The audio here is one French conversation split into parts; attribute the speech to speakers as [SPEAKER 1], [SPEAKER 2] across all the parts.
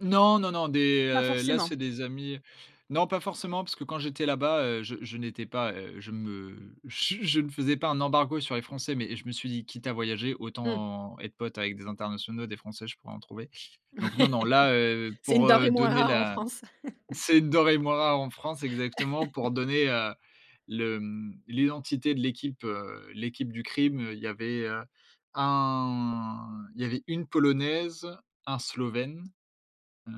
[SPEAKER 1] Non, non, non, des,
[SPEAKER 2] Pas
[SPEAKER 1] heu, là, c'est
[SPEAKER 2] forcément.
[SPEAKER 1] des amis. Non, pas forcément, parce que quand j'étais là-bas, heu, je je n'étais pas, heu, je me je je ne faisais pas un embargo sur les français, mais je me suis dit: «Quitte à voyager,
[SPEAKER 2] Mmh.
[SPEAKER 1] autant être pote avec des internationaux, des français, je pourrai en trouver». Donc non non, là, heu,
[SPEAKER 2] C'est une
[SPEAKER 1] pour,
[SPEAKER 2] denrée
[SPEAKER 1] heu,
[SPEAKER 2] moins
[SPEAKER 1] donner
[SPEAKER 2] rare en
[SPEAKER 1] la,
[SPEAKER 2] France.
[SPEAKER 1] c'est une denrée moins rare en France exactement, pour donner, heu, le, hem, l'identité de l'équipe, heu, l'équipe du crime, il y avait, heu, un il y avait une polonaise, un slovène, heu,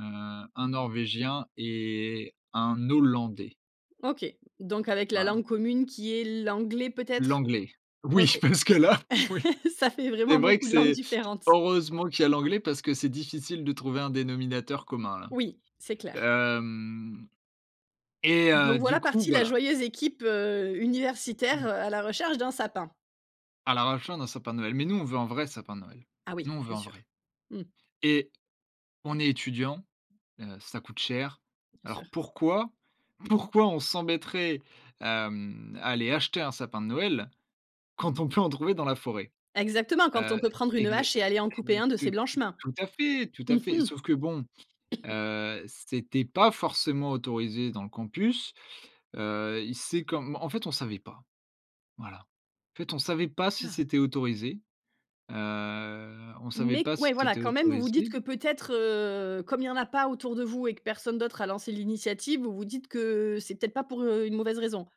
[SPEAKER 1] un norvégien et un hollandais.
[SPEAKER 2] OK. Donc avec la
[SPEAKER 1] Voilà.
[SPEAKER 2] langue commune qui est l'anglais, peut-être?
[SPEAKER 1] L'anglais.
[SPEAKER 2] OK.
[SPEAKER 1] Oui parce que là, oui.
[SPEAKER 2] Ça fait
[SPEAKER 1] C'est
[SPEAKER 2] vraiment
[SPEAKER 1] vrai que
[SPEAKER 2] beaucoup de langues
[SPEAKER 1] c'est,
[SPEAKER 2] différentes.
[SPEAKER 1] heureusement qu'il y a l'anglais, parce que c'est difficile de trouver un dénominateur commun
[SPEAKER 2] Oui, c'est clair.
[SPEAKER 1] là. Hem et heu,
[SPEAKER 2] Donc,
[SPEAKER 1] du
[SPEAKER 2] voilà
[SPEAKER 1] coup,
[SPEAKER 2] partie la
[SPEAKER 1] voilà.
[SPEAKER 2] joyeuse équipe, heu, universitaire,
[SPEAKER 1] [unintelligible]
[SPEAKER 2] heu, à la recherche d'un sapin.
[SPEAKER 1] À la recherche d'un sapin de Noël. Mais nous, on veut un vrai sapin de Noël.
[SPEAKER 2] Ah
[SPEAKER 1] Nous,
[SPEAKER 2] oui,
[SPEAKER 1] on veut
[SPEAKER 2] bien
[SPEAKER 1] un
[SPEAKER 2] sûr.
[SPEAKER 1] vrai.
[SPEAKER 2] Mmh.
[SPEAKER 1] Et on est étudiant, heu, ça coûte cher.
[SPEAKER 2] Bien
[SPEAKER 1] Alors
[SPEAKER 2] sûr.
[SPEAKER 1] pourquoi, pourquoi on s'embêterait, hem, à aller acheter un sapin de Noël quand on peut en trouver dans la forêt?
[SPEAKER 2] Exactement. Quand on
[SPEAKER 1] Heu,
[SPEAKER 2] peut prendre une
[SPEAKER 1] exa,
[SPEAKER 2] hache et aller en couper
[SPEAKER 1] [unintelligible]
[SPEAKER 2] un de
[SPEAKER 1] tout
[SPEAKER 2] ses blanches mains.
[SPEAKER 1] tout à fait, tout
[SPEAKER 2] Mmh
[SPEAKER 1] à fait. Sauf
[SPEAKER 2] mh.
[SPEAKER 1] que bon, heu, c'était pas forcément autorisé dans le campus. Heu, y c'est comme en fait on savait pas. Voilà. En fait on savait pas si
[SPEAKER 2] [unintelligible]
[SPEAKER 1] c'était autorisé, heu, on savait
[SPEAKER 2] Mais
[SPEAKER 1] pas
[SPEAKER 2] qu
[SPEAKER 1] si
[SPEAKER 2] ouais, voilà,
[SPEAKER 1] c'était
[SPEAKER 2] quand même, vous vous dites que
[SPEAKER 1] autorisé
[SPEAKER 2] peut-être, heu, comme il y en a pas autour de vous et que personne d'autre a lancé l'initiative, vous vous dites que c'est peut-être pas pour, heu, une mauvaise raison.